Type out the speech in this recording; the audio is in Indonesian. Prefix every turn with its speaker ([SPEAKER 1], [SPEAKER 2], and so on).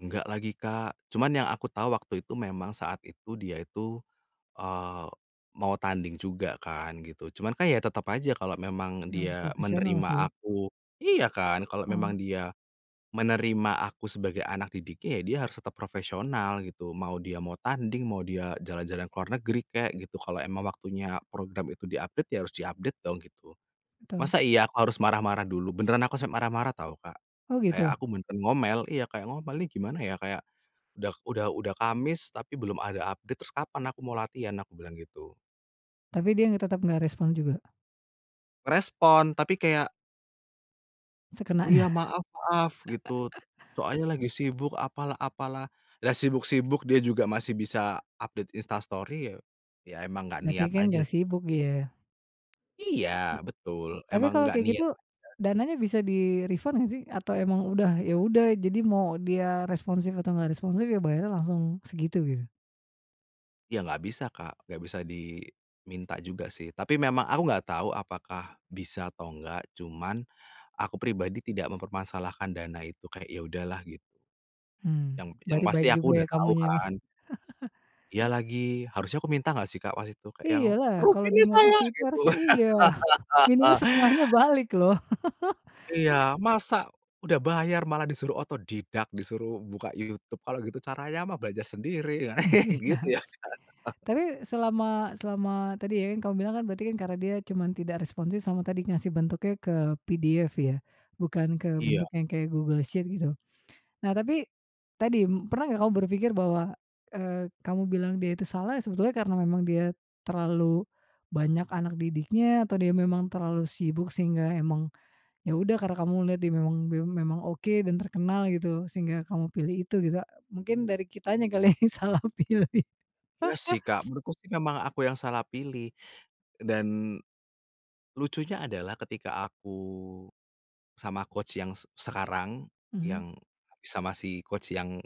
[SPEAKER 1] Enggak lagi Kak, cuman yang aku tahu waktu itu memang saat itu dia itu, eee, mau tanding juga kan gitu, cuman kan ya tetep aja kalau memang
[SPEAKER 2] Ya harus
[SPEAKER 1] dia
[SPEAKER 2] profesional
[SPEAKER 1] menerima
[SPEAKER 2] sih.
[SPEAKER 1] aku iya kan, kalau memang
[SPEAKER 2] Mmm.
[SPEAKER 1] dia menerima aku sebagai anak didiknya, ya dia harus tetap profesional gitu, mau dia mau tanding, mau dia jalan-jalan ke luar negeri kek gitu, kalau emang waktunya program itu di-update ya, harus di-update dong gitu.
[SPEAKER 2] Betul.
[SPEAKER 1] Masa iya aku harus marah-marah dulu? Beneran aku sampe marah-marah tau Kak,
[SPEAKER 2] Oh
[SPEAKER 1] kayak
[SPEAKER 2] gitu.
[SPEAKER 1] aku menten ngomel, iya kayak ngomel, "Nih gimana ya" kayak, "udah udah udah Kamis, tapi belum ada update, terus kapan aku mau latihan?" Aku bilang gitu.
[SPEAKER 2] Tapi dia tetap enggak respon juga?
[SPEAKER 1] Respon tapi kayak "Oh iya
[SPEAKER 2] Sekenanya.
[SPEAKER 1] maaf maaf," gitu, soalnya lagi sibuk apalah apalah, lah sibuk-sibuk dia juga masih bisa update Insta Story ya, ya emang gak
[SPEAKER 2] Berarti
[SPEAKER 1] niat
[SPEAKER 2] kan
[SPEAKER 1] aja s
[SPEAKER 2] gak sibuk dia.
[SPEAKER 1] Iya, betul.
[SPEAKER 2] Tapi
[SPEAKER 1] Emang
[SPEAKER 2] kalau
[SPEAKER 1] gak
[SPEAKER 2] kayak
[SPEAKER 1] niat
[SPEAKER 2] gitu,
[SPEAKER 1] aja.
[SPEAKER 2] dananya bisa di-refund gak sih? Atau emang udah, ya udah jadi mau dia responsif atau gak responsif ya bayarnya langsung segitu, gitu?
[SPEAKER 1] Ya gak bisa Kak, gak bisa di minta juga sih, tapi memang aku nggak tahu apakah bisa atau enggak, cuman aku pribadi tidak mempermasalahkan dana itu, kayak ya udahlah, git
[SPEAKER 2] Mmm,
[SPEAKER 1] Yang yang
[SPEAKER 2] berarti
[SPEAKER 1] pasti
[SPEAKER 2] baik
[SPEAKER 1] aku
[SPEAKER 2] juga
[SPEAKER 1] udah
[SPEAKER 2] ya
[SPEAKER 1] tahu
[SPEAKER 2] kamunya ya Mas.
[SPEAKER 1] kan. Iya lagi, harusnya aku minta gak sih Kak waktu itu kayak yang,
[SPEAKER 2] Iyalah,
[SPEAKER 1] "Rugi
[SPEAKER 2] kalau dia
[SPEAKER 1] nih
[SPEAKER 2] enggak
[SPEAKER 1] saya!"
[SPEAKER 2] kasih itu
[SPEAKER 1] gitu.
[SPEAKER 2] harusnya iya. Minimal setengahnya balik loh.
[SPEAKER 1] Iya, "Masa udah bayar malah disuruh otodidak, disuruh buka YouTube, kalau gitu caranya mah belajar sendiri ya!" gitu
[SPEAKER 2] Iya.
[SPEAKER 1] ya.
[SPEAKER 2] Tapi selama selama tadi ya, kamu bilang kan berarti kan karena dia cuman tidak responsif sama tadi ngasih bentuknya ke PDF ya, bukan ke
[SPEAKER 1] Iya.
[SPEAKER 2] bentuknya yang kayak Google Sheet gitu. Nah tapi tadi pernah gak kamu berpikir bahwa, eee, kamu bilang dia itu salah, ya sebetulnya karena memang dia terlalu banyak anak didiknya, atau dia memang terlalu sibuk sehingga emang, ya udah karena kamu melihat dia memang bia memang oke dan terkenal gitu sehingga kamu pilih itu gitu, mungkin dari kitanya kali yang salah pilih.
[SPEAKER 1] Iya sih Kak, menurutku sih emang aku yang salah pilih. Dan lucunya adalah ketika aku sama coach yang se sekarang,
[SPEAKER 2] Mhm.
[SPEAKER 1] yang sama si coach yang